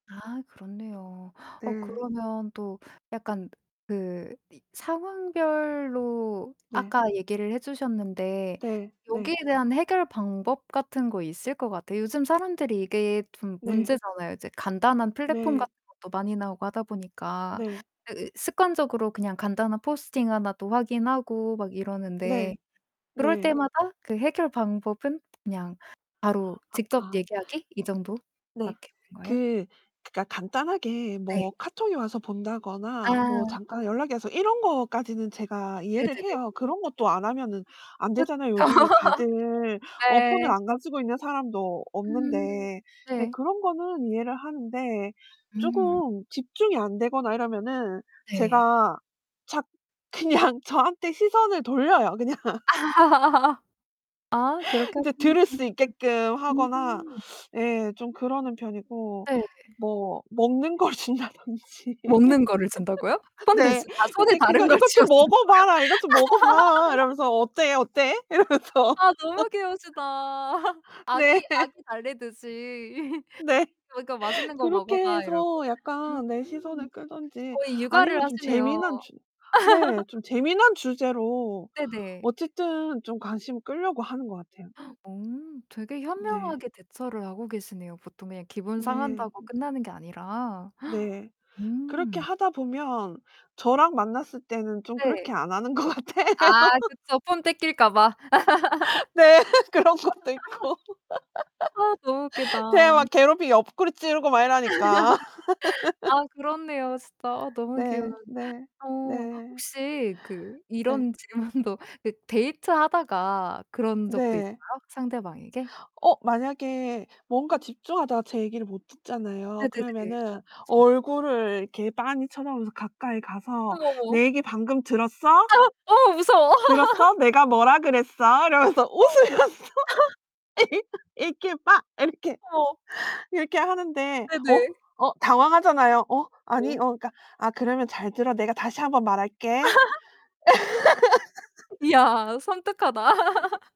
아 그렇네요. 어 네. 그러면 또 약간 그 이 상황별로 네. 아까 얘기를 해 주셨는데 네 네. 여기에 대한 해결 방법 같은 거 있을 것 같아요. 요즘 사람들이 이게 좀 네. 문제잖아요. 이제 간단한 플랫폼 네. 같은 것도 많이 나오고 하다 보니까 네. 그 으 습관적으로 그냥 간단한 포스팅 하나도 확인하고 막 이러는데 네. 그럴 네. 때마다 그 해결 방법은 그냥 바로 아 직접 아. 얘기하기 이 네. 정도밖에 없는 거예요? 그 그니까 간단하게 네. 뭐 카톡이 와서 본다거나 뭐 아. 잠깐 연락이 와서 이런 거까지는 제가 이해를 네네네. 해요. 그런 것도 안 하면은 그쵸. 안되잖아요. 요즘에 다들 어 폰을 네. 안 가지고 있는 사람도 없는데. 음. 네 네. 그런 거는 이해를 하는데 음. 쪼금 집중이 안 되거나 이러면은 네. 제가 자 그냥 저한테 시선을 돌려요. 그냥. 아 그렇게 이제 하시면 들을 수 있게끔 [unintelligible] 하거나 음. 예 좀 그러는 편이고 네. 뭐 먹는 걸 준다든지 먹는 거를 준다고요? 손 네 대신 아 손에 근데 다른 그거 걸 "이것 쥐여 좀 주는 거예요? 먹어봐라, 이것 좀 먹어봐." 이러면서 "어때, 어때?" 이러면서. 아 너무 귀여우시다. 네. 아기 아기 달래듯이. 네. 그니까 "맛있는 거 그렇게 먹어봐." 이러고. 해서 약간 네 시선을 음. 끌든지 거의 육아를 아니면 좀 하시네요. 재미난 주 네 좀 재미난 주제로 네네. 어쨌든 좀 관심을 끌려고 하는 것 같아요. 오 되게 네. 현명하게 대처를 하고 계시네요. 보통 그냥 기분 네. 상한다고 끝나는 게 아니라. 네 그렇게 음. 하다 보면 저랑 만났을 때는 좀 네. 그렇게 안 하는 것 같아요. 아 그쵸. 폰 뺏길까 봐. 네 그런 것도 있고. 아 너무 웃기다. 제가 막 괴롭히고 옆구리 찌르고 막 이러니까. 아 그렇네요 진짜. 아 너무 귀여워요. 네. 네. 어 네. 혹시 그 네. 이런 질문도 그 데이트하다가 그런 적도 있어요? 네. 상대방에게? 어 만약에 뭔가 음. 집중하다가 제 얘기를 못 듣잖아요. 네네네. 그러면은 그쵸. 얼굴을 이렇게 빤히 쳐다보면서 가까이 가서 어머, 어머. "내 얘기 방금 들었어?" 아. 어 무서워. "들었어? 내가 뭐라 그랬어?" 이러면서 어. 웃으면서 이렇게 빠 이렇게 어. 이렇게 하는데 어 네네. 어 당황하잖아요. "어, 아니 어. 어." 그니까 "아, 그러면 잘 들어. 내가 다시 한번 말할게." 이야 섬뜩하다.